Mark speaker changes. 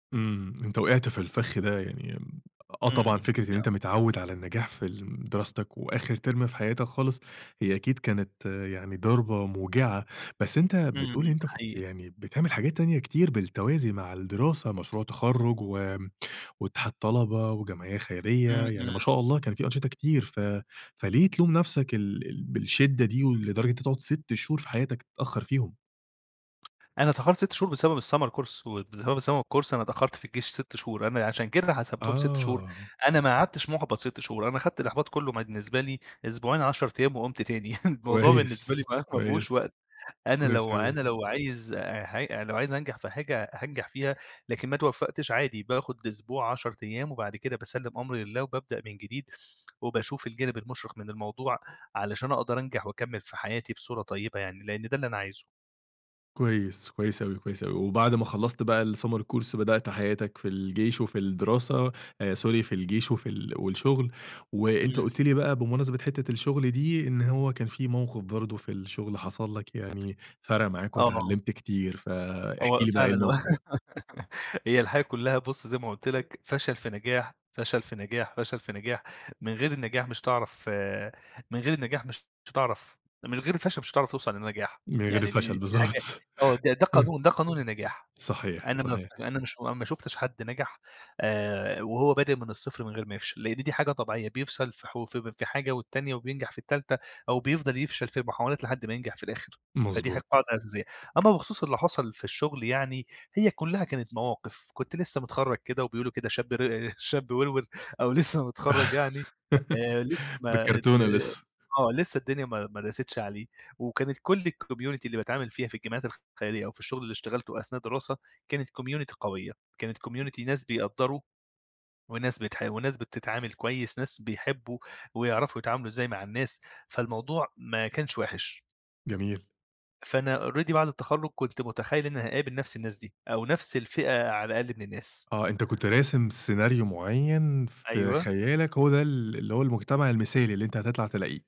Speaker 1: إمم، أنت وقعت في الفخ ده يعني، آه، طبعًا
Speaker 2: إمم،
Speaker 1: فكرة إن
Speaker 2: أنت
Speaker 1: أنت متعود على النجاح في الم دراستك وآخر ترم في حياتك خالص، هي أكيد كانت يعني ضربة موجعة، بس أنت
Speaker 2: إمم،
Speaker 1: بتقول إن أنت
Speaker 2: ده
Speaker 1: كنت
Speaker 2: حقيقي.
Speaker 1: يعني، بتعمل حاجات تانية كتير بالتوازي مع الدراسة، مشروع تخرُّج و واتحاد طلبة وجمعية خيرية،
Speaker 2: إمم،
Speaker 1: يعني
Speaker 2: إمم.
Speaker 1: ما شاء الله كان في أنشطة كتير، ف فليه تلوم نفْسك ال ال بالشِدّة دي، ولدرجة إن أنت تقعد 6 شهور في حياتك تتأخّر فيهم؟
Speaker 2: أنا تأخرت 6 شهور بسبب الSummer course، واللي هو بسبب الSummer course أنا تأخرت في الجيش 6 شهور، أنا عشان كده حسبتهم 6 شهور،
Speaker 1: آه.
Speaker 2: أنا ما اقعدتش محبط 6 شهور، أنا خدت الإحباط كلّه م بالنسبة لي، أسبوعين، 10 أيام وقُمت تاني، الموضوع بالنسبة لي
Speaker 1: كويس،
Speaker 2: مبقاش ما
Speaker 1: كويس،
Speaker 2: فيهوش وقت، أنا
Speaker 1: كويس
Speaker 2: لو
Speaker 1: أوي.
Speaker 2: أنا لو عايز ح لو عايز أنجح في حاجة هانجح فيها، لكن ما اتوفّقتش عادي باخد أسبوع، 10 أيام، وبعد كده باسلّم أمري لله وبابدأ من جديد، وباشوف الجانب المُشرق من الموضوع، علشان أقدر أنجح وأكمّل في حياتي بصورة طيبة يعني، لإن ده اللي أنا عايزه.
Speaker 1: كويس، كويس أوي، كويس أوي، وبعد ما خلّصت بقى الsummer course بدأت حياتك في الجيش وفي الدراسة آآ sorry في الجيش وفي ال والشغل، وأنت
Speaker 2: إمم.
Speaker 1: قُلت لي بقى بمناسبة حتّة الشغل دي، إن هو كان في موقف برضه في الشغل حصل لَك يعني، فرَق معاك
Speaker 2: آه.
Speaker 1: واتعلّمت كتير، فاحكِ
Speaker 2: هو
Speaker 1: لي بقى إيه
Speaker 2: فعلًا، هو
Speaker 1: الموقف ده؟
Speaker 2: هي الحياة كلّها بُص زي ما قُلت لَك، فشل في نجاح، فشل في نجاح، فشل في نجاح، من غير النجاح مش هتعرف من غير النجاح مش هتعرف من غير الفشل مش هتعرف توصل لنجاح،
Speaker 1: من غير
Speaker 2: يعني دي دي
Speaker 1: الفشل
Speaker 2: دي حاجة
Speaker 1: بالضبط،
Speaker 2: آه، ده ده قانون ده قانون النجاح،
Speaker 1: صحيح،
Speaker 2: أنا ما
Speaker 1: صحيح.
Speaker 2: ف أنا مش أنا ما شُفتش حد نجح، آآ وهو بادئ من الصفر من غير ما يفشل، لإن دي حاجة طبيعية، بيفشل في ح في في حاجة والتانية وبينجح في التالتة، أو بيفضل يفشل في محاولات لحد ما ينجح في الآخر، فدي ح
Speaker 1: مضبوط.
Speaker 2: قاعدة أساسية، أمّا بخصوص اللي حصل في الشغل يعني، هي كلّها كانت مواقف، كنت لسّه متخرّج كده وبيقولوا كده شاب ر شاب وروِر، أو لسّه متخرّج يعني، آآ لسّه ما آآ
Speaker 1: بالكرتونة لسّه.
Speaker 2: آه، لسّه الدنيا ما ما داستش عليه، وكانت كلّ الcommunity اللي باتعامل فيها في الجمعيات الخيرية أو في الشغل اللي اشتغلته أثناء الدراسة، كانت community قوية، كانت community ناس بيقدّروا، وناس بتحاول وناس بتتعامل كويس، ناس بيحبّوا، ويعرفوا يتعاملوا إزاي مع الناس، فالموضوع ما كانش وحِش.
Speaker 1: جميل.
Speaker 2: فأنا already بعد التخرُّج كنت متخيّل إني هاقابل نفْس الناس دي، أو نفْس الفئة على الأقل من الناس.
Speaker 1: آه، أنت كنت راسم سيناريو معيّن في
Speaker 2: أيوه.
Speaker 1: خيالَك، هو ده ال اللي هو المجتمع المثالي اللي أنت هتطلع تلاقيه.